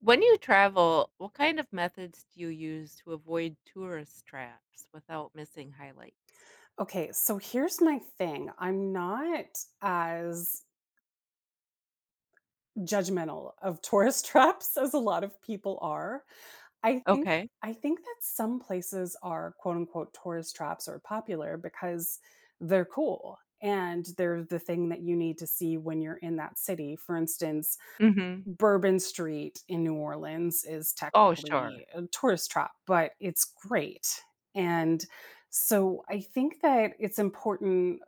When you travel, what kind of methods do you use to avoid tourist traps without missing highlights? Okay. So here's my thing, I'm not as judgmental of tourist traps as a lot of people are. I think Okay. I think that some places are quote unquote "tourist traps" are popular because they're cool, and they're the thing that you need to see when you're in that city. For instance, Mhm. Bourbon Street in New Orleans is Oh, sure. technically a tourist trap, but it's great, and so I think that it's important,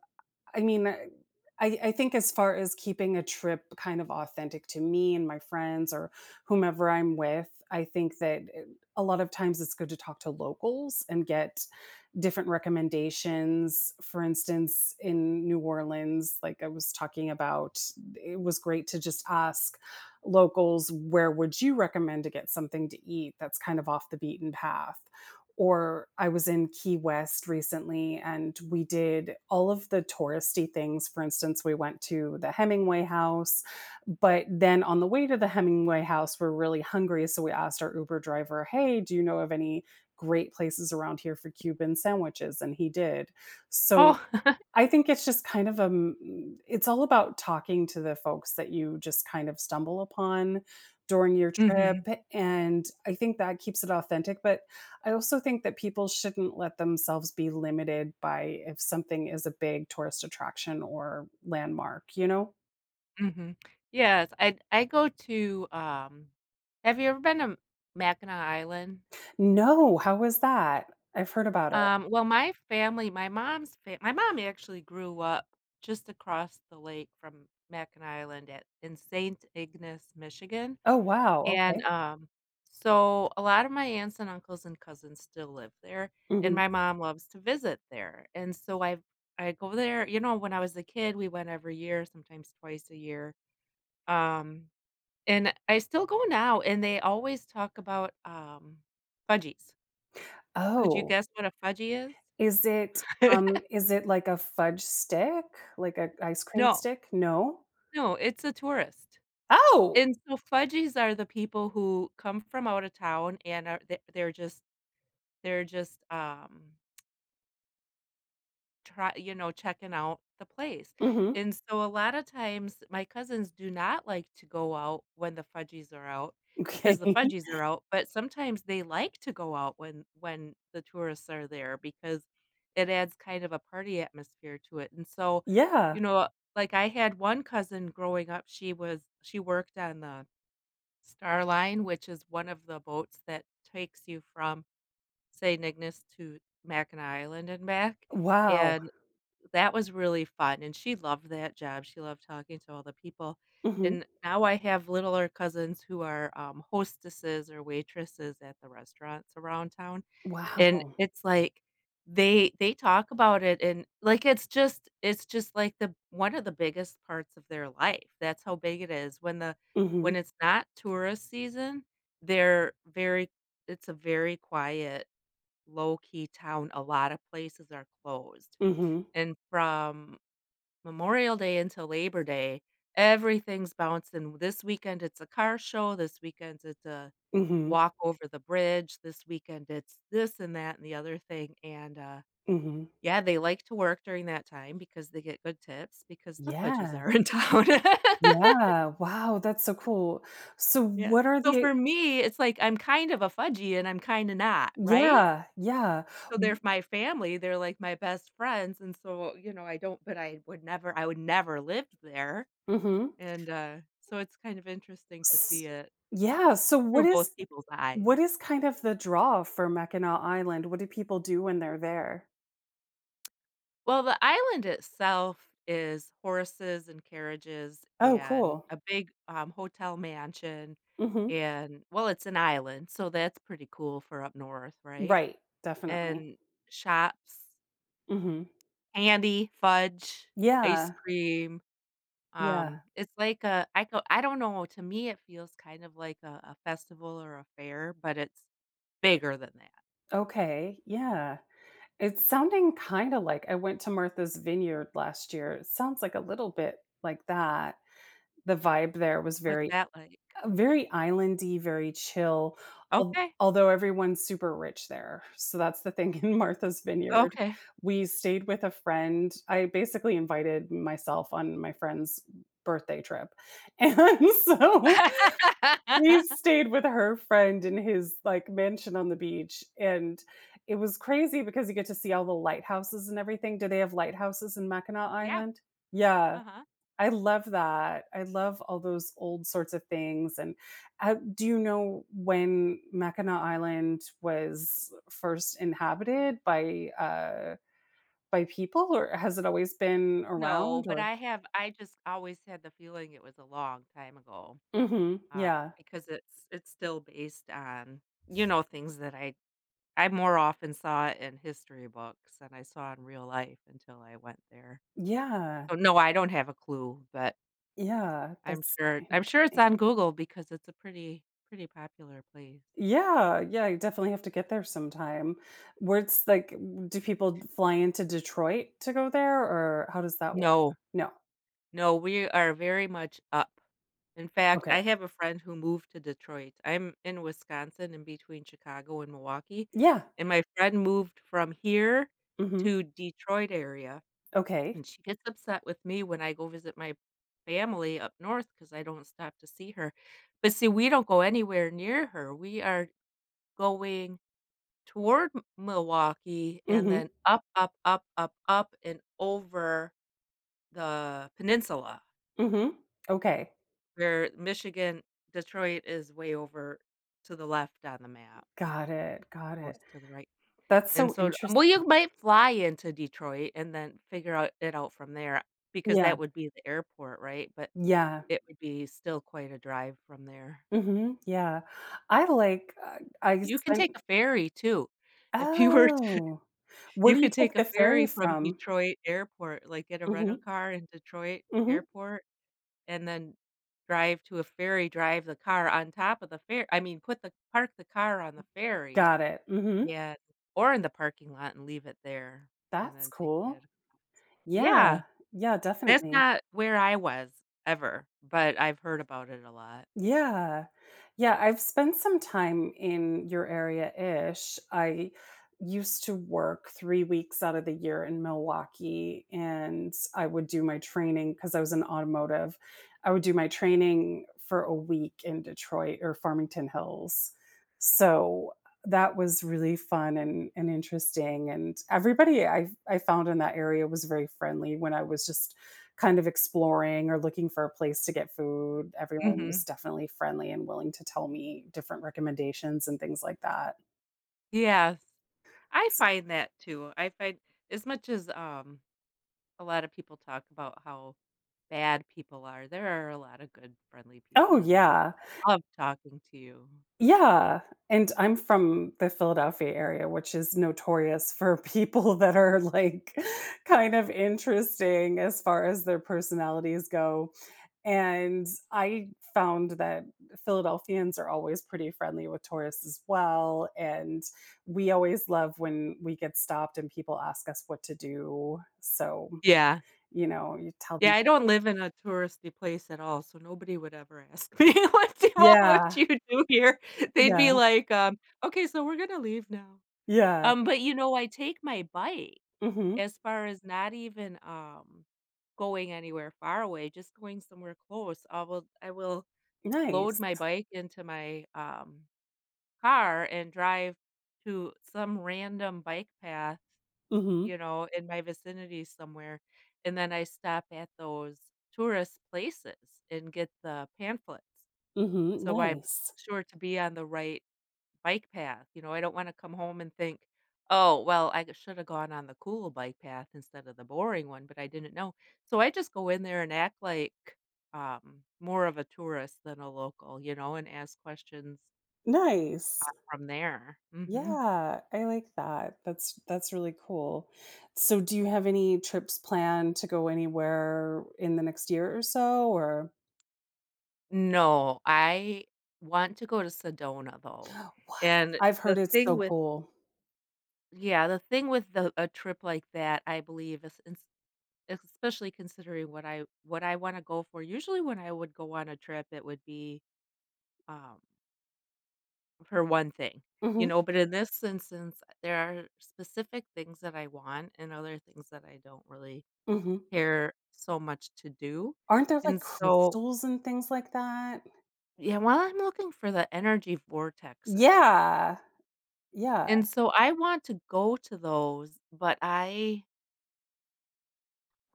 I mean, I I think as far as keeping a trip kind of authentic to me and my friends or whomever I'm with, I think that eh a lot of times it's good to talk to locals and get different recommendations. For instance, in New Orleans, like I was talking about, it was great to just ask locals, "Where would you recommend to get something to eat that's kind of off the beaten path?" Or I was in Key West recently and we did all of the touristy things. For instance, we went to the Hemingway House, but then on the way to the Hemingway House, we're really hungry, so we asked our Uber driver, "Hey, do you know of any great places around here for Cuban sandwiches?" and he did. Oh. So, I think it's just kind of a m m It's all about talking to the folks that you just kind of stumble upon during your trip. Mhm. And I think that keeps it authentic, but, I also think that people shouldn't let themselves be limited by if something is a big tourist attraction or landmark, you know? Mhm, yes, I I go to, um have you ever been to Mackinac Island? No, how was that? I've heard about it. Um, well, my family my mom's fa my mom actually grew up just across the lake from Mackinac Island at in Saint Ignace, Michigan. Oh, wow, And, okay. um, so, a lot of my aunts, and uncles, and cousins still live there, and Mhm. my mom loves to visit there, and so I I go there you know, when I was a kid, we went every year, sometimes twice a year, um, and I still go now, and they always talk about, um, "fudgies". Could you Oh. guess what a "fudgy" Is it, is? um is it, like, a fudge stick? Like, a ice cream No. stick? No? No, it's a tourist. Oh! And so, "fudgies" are the people who come from out of town and are the they're just they're just, um try you know, checking out the place, Mhm. and so a lotta times, my cousins do not like to go out when the "fudgies" are out because the Okay. "fudgies" are out, but sometimes they like to go out when when the tourists are there, because it adds kind of a party atmosphere to it, and so, Yeah. you know like, I had one cousin growing up, she was she worked on the Star Line, which is one of the boats that takes you from Saint Ignace to Mackinac Island and back, Wow. and that was really fun, and she loved that job, she loved talking to all the people, Mhm. and now I have littler cousins who are, um, hostesses or waitresses at the restaurants around town, and Wow. it's, like, they they talk about it, and, like, it's just it's just, like, the one of the biggest parts of their life, that's how big it is, when the Mhm. when it's not tourist season, they're very it's a very quiet, low-key town, a lotta places are closed. Mhm. And from Memorial Day until Labor Day, everything's bouncing, this weekend, it's a car show, this weekend, it's a Mhm. walk over the bridge, this weekend, it's this, and that, and the other thing, and, uh Mhm. yeah, they like to work during that time because they get good tips because the "fudgies" Yeah. are in town. Yeah, wow, that's so cool. So Yeah, what are so the for me, it's like I'm kind of a fudgy, and I'm kinda not, right? Yeah, yeah, So they're w f my family, they're, like, my best friends, and so, you know, I don't but, I would never I would never live there. Mhm. And, uh, so it's kind of interesting to see S it. yeah, so what Through both is people's what eyes. is, kind of the draw for Mackinac Island? What do people do when they're there? Well, the island itself is horses and carriages Oh, and cool. a big, um, hotel mansion Mhm. and well, it's an island, so that's pretty cool for up north, right? Right. Definitely. And shops Mhm. candy, fudge, ice Yeah. cream. Yeah. Um, it's like a I go I don't know, to me, it feels kind of like a a festival or a fair, but it's bigger than that. Okay, yeah. It's sounding kinda like I went to Martha's Vineyard last year. It sounds like a little bit like that. The vibe there was What's very that like? uh, very island-y, very chill. Al Okay. although everyone's super rich there. So that's the thing in Martha's Vineyard. Okay. We stayed with a friend. I basically invited myself on my friend's birthday trip and so, we stayed with her friend in his, like, mansion on the beach, and it was crazy because you get to see all the lighthouses and everything. Do they have lighthouses in Mackinac Yeah. Island? Yeah, Uh-huh. I love that. I love all those old sorts of things, and, uh, do you know when Mackinac Island was first inhabited by, uh by people or has it always been No. around But or I have I just always had the feeling it was a long time ago, Mhm, um, yeah. because it's it's still based on, you know, things that I I more often saw in history books than I saw in real life until I went there. Yeah. So, no, I don't have a clue, but Yeah, I'm that's sure I'm sure it's interesting. on Google because it's a pretty pretty popular place. Yeah. Yeah, I definitely have to get there sometime. What's like do people fly into Detroit to go there or how does that work? No. No. No, we are very much up. In fact, Okay. I have a friend who moved to Detroit. I'm in Wisconsin, in between Chicago and Milwaukee, Yeah. and my friend moved from here Mhm. to Detroit area, Okay. and she gets upset with me when I go visit my family up north because I don't stop to see her. But see, we don't go anywhere near her. We are going toward M Milwaukee and Mhm. then up, up, up, up, up and over the Peninsula Mhm. Okay. where Michigan Detroit is way over to the left on the map. It Got it's it. Got close it. to the right That's And so so um, well, interesting. you've might fly into Detroit and then figure out it out from there because Yeah. that would be the airport, right? But Yeah. it would be still quite a drive from there. Mhm. Yeah. I like Uh, I You can take [unintelligible] a ferry too. If you were to Oh. Where you do you could take take a the ferry ferry from from? Detroit Airport like, get a rental Mhm. car in Detroit Mhm. Airport, and then drive to a ferry, drive the car on top of the ferr I mean, put the park the car on the ferry. Got it. Mhm. Yeah, or in the parking lot, and leave it there, and That's then take that cool. across. Yeah. Yeah. Yeah, That's definitely. not where I was ever, but I've heard about it a lot. Yeah. Yeah, I've spent some time in your area-ish. I used to work 3 weeks out of the year in Milwaukee and I would do my training- 'cause I was in automotive- I would do my training for a week in Detroit or Farmington Hills. So that was really fun and and interesting, and everybody I've I found in that area was very friendly when I was just kind of exploring or looking for a place to get food. Everyone was Mhm. definitely friendly and willing to tell me different recommendations and things like that. Yes. I S find that too. I find As much as, um, a lot of people talk about how bad people are, there are a lot of good friendly Oh, people in the world yeah. that love talking to you. Yeah, and I'm from the Philadelphia area, which is notorious for people that are like kind of interesting as far as their personalities go, and I found that Philadelphians are always pretty friendly with tourists as well, and we always love when we get stopped and people ask us what to do. So, Yeah. you know, you tell them Yeah, I don't live in a touristy place at all, so nobody would ever ask me, "What do all what Yeah. you do here?" they'd Yeah. be like, um, "Okay, so we're gonna leave now." Yeah. Um, but you know, I take my bike Mhm. as far as not even, um, going anywhere far away, just going somewhere close. I will I will load Nice. my bike into my, um, car and drive to some random bike path, Mhm. you know, in my vicinity somewhere, and then I stop at those tourist places and get the pamphlets. Mhm, So, I'm nice. sure to be on the right bike path. You know, I don't wanna come home and think, "Oh, well, I g shoulda gone on the cool bike path instead of the boring one, but I didn't know," so I just go in there and act like, um, more of a tourist than a local, you know, and ask questions uh, Nice. from there. Mhm. Yeah. I like that. That's that's really cool. So, do you have any trips planned to go anywhere in the next year or so, or No. I want to go to Sedona, though, What? and I've heard the it's thing so with cool. Yeah, the thing with the a trip like that, I believe, is ins especially considering what I what I wanna go for. Usually, when I would go on a trip, it would be, um for one thing, you Mhm. know, but in this instance, uh, there are specific things that I want, and other things that I don't really Mhm. care so much to do, Aren't there, like, and so crystals and things like that? Yeah, while I'm looking for the energy vortexes. Yeah. Yeah. And so I want to go to those, but I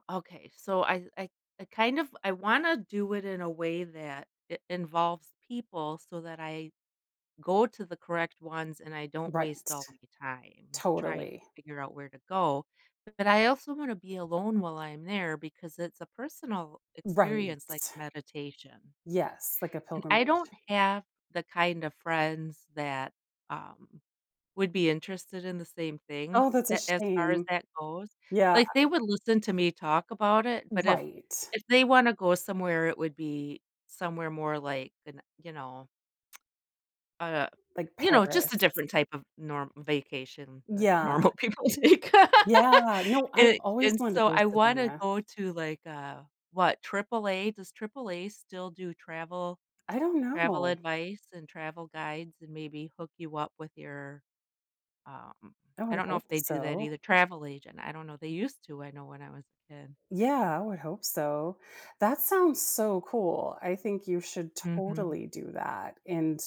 Okay, so I I I kind of I wanna do it in a way that it involves people so that I go to the correct ones, and I don't waste Right. all my time trying to Totally. figure out where to go, but I also wanna be alone while I'm there, because it's a personal experience like Right. meditation Yes, like a and I pilgrimage. don't have the kind of friends that, um, would be interested in the same thing Oh, that's a that as far as shame. that goes. Yeah. Like, they would listen to me talk about it, but if Right. if they wanna go somewhere, it would be somewhere more like an, you know, uh Like you know, just Paris. a different type of norm vacation, like Yeah. normal people take, Yeah. No, I've and always and wanted to so go to I wanna Sedona. go to, like, uh what, AAA Does AAA still do travel I don't travel know. advice and travel guides and maybe hook you up with your, um I I would don't know if hope they do that so. either travel agent, I don't know. They used to, I know, when I was a kid. Yeah, I would hope so. That sounds so cool, I think you should Mhm. totally do that, and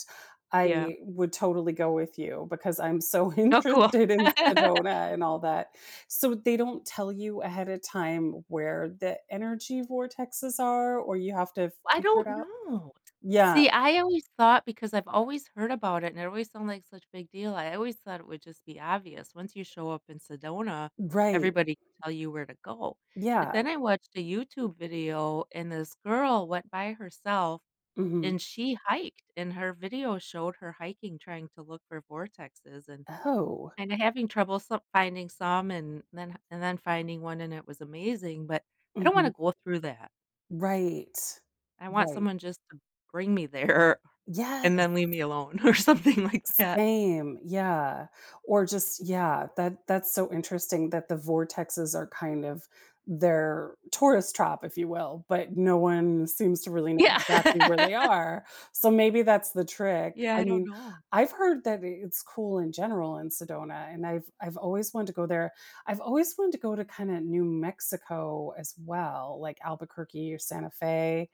Yeah. I would totally go with you because I'm so Oh, cool. interested in Sedona and all that. So, they don't tell you ahead of time where the energy vortexes are or you have to I figure it don't out? know, Yeah. see, I always thought because I've always heard about it and it always sound like such big deal, I always thought it would just be obvious. Once you show up in Sedona, Right. everybody will tell you where to go, but Yeah. then I watched a YouTube video, and this girl went by herself, Mhm. and she hiked, and her video showed her hiking, trying to look for vortexes, and Oh. and having trouble so finding some, and then and then finding one, and it was amazing. But I don't wanna Mhm. go through that. Right. I want Right. someone just to bring me there Yes. and then leave me alone or something like that. Same. Yeah. Or just Yeah, that that's so interesting that the vortexes are kind of their tourist trap, if you will, but no one seems to really know Yeah. exactly where they are. So, maybe that's the trick. Yeah, I I don't mean, know. I've heard that it it's cool in general in Sedona, and I've I've always wanted to go there. I've always want to go to, kinda, New Mexico as well, like Albuquerque or Santa Fe,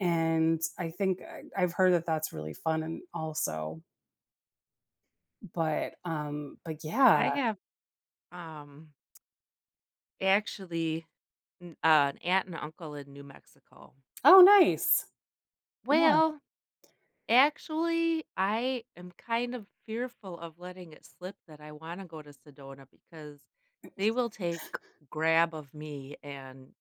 and I think I I've heard that that's really fun and also But, um, but, yeah. I have, um actually, mm an aunt and uncle in New Mexico. Oh, nice. Yeah. Well, actually, I am kind of fearful of letting it slip that I wanna go to Sedona because they will take grab of me and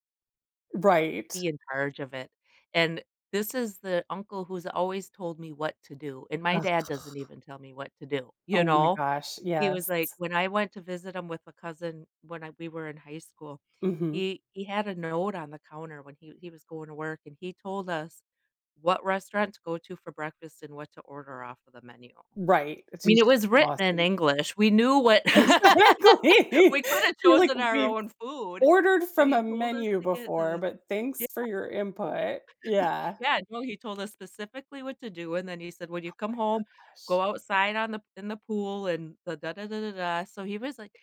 Right. be in charge of it. And this is the uncle who's always told me what to do, and my Ugh. dad doesn't even tell me what to do. You Oh my know? gosh, He was, yes. like, when I went to visit him with a cousin when I we were in high school, Mhm. he he had a note on the counter when he he was going to work, and he told us, what restaurant to go to for breakfast and what to order off of the menu. I Right, I mean, jus it was written in exhausting. English. We knew what Exactly We coulda You're like chosen our we've own food, ordered but from a he told us menu to get before, the but Yeah. thanks for your input, yeah. Yeah, well, he told us specifically what to do, and then he said, "When Oh, my you come home, go gosh. outside on the in the pool and the da da da da da," so he was, like,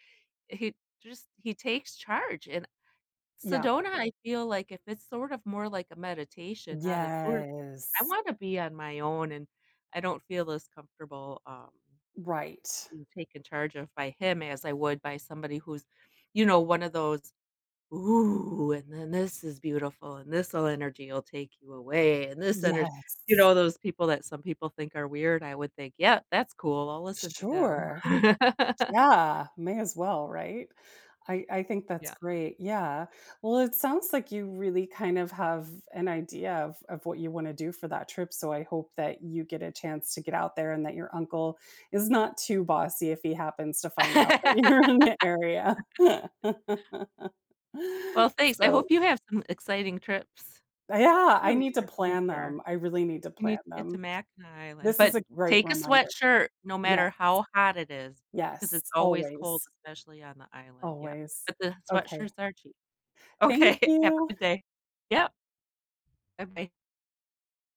he just he takes charge, and Yeah. Sedona, I feel like if it's sort of more like a meditation, not a tour I Yes. wanna be on my own, and I don't feel as comfortable, um Right. being taken charge of by him, as I would by somebody who's, you know, one of those, ooh, and then this is beautiful, and this'll energy will take you away, and this energ you Yes. know, those people that some people think are weird, I would think, yep, that's cool, I'll listen to him. Sure. Yeah, may as well, right? I I think that's Yeah. great, yeah. Well, it sounds like you really kinda have an idea of of what you wanna do for that trip, so I hope that you get a chance to get out there, and that your uncle is not too bossy if he happens to find out that you're in the area. Well, thanks, I So hope you have some exciting trips, A yeah. too I in need to your plan future. them, I really need to You need plan to get them. to Mackinac Island, This is but a great take a reminder. sweatshirt no Yes. matter how hot it is, 'cause Yes, it's always cold, always. especially on the island, yep, Always. but the Okay. sweatshirts are cheap. Thank Okay. Have you. a good day. Yep. Buh-bye.